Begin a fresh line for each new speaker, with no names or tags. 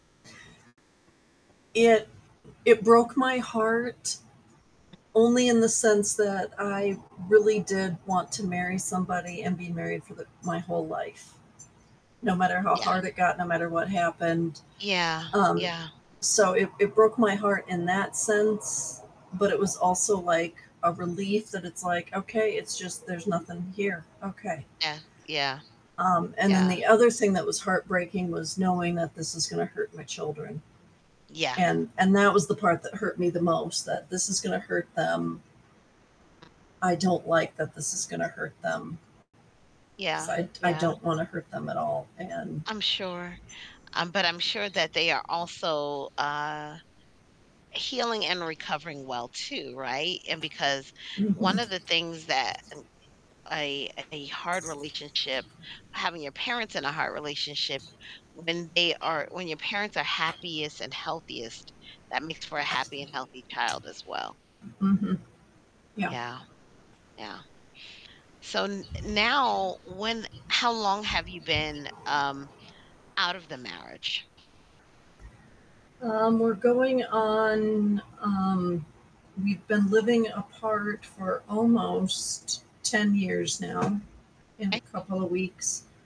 It it broke my heart only in the sense that I really did want to marry somebody and be married for the my whole life no matter how
Yeah.
hard it got, no matter what happened,
Yeah,
um,
yeah.
so it it broke my heart in that sense, but it was also, like, a relief that it's like, "Okay, it's just there's nothing here. Okay."
Yeah, yeah.
Um, and then
Yeah.
the other thing that was heartbreaking was knowing that this is gonna hurt my children.
Yeah.
And and that was the part that hurt me the most that this is gonna hurt them. I don't like that this is gonna hurt them 'cause
Yeah,
I d I
yeah.
don't wanna hurt them at all and
I'm sure. Um, but I'm sure that they are also, uh, healing and recovering well too, right? And because one
Mhm.
of the things that n I a hard relationship having your parents in a hard relationship, when they are when your parents are happiest and healthiest, that makes for a happy and healthy child as well.
Mhm. Yeah.
Yeah. Yeah. So, n now when how long have you been, um, out of the marriage?
Um, we're going on, um we've been living apart for almost 10 years now in a
Ay
couple of weeks.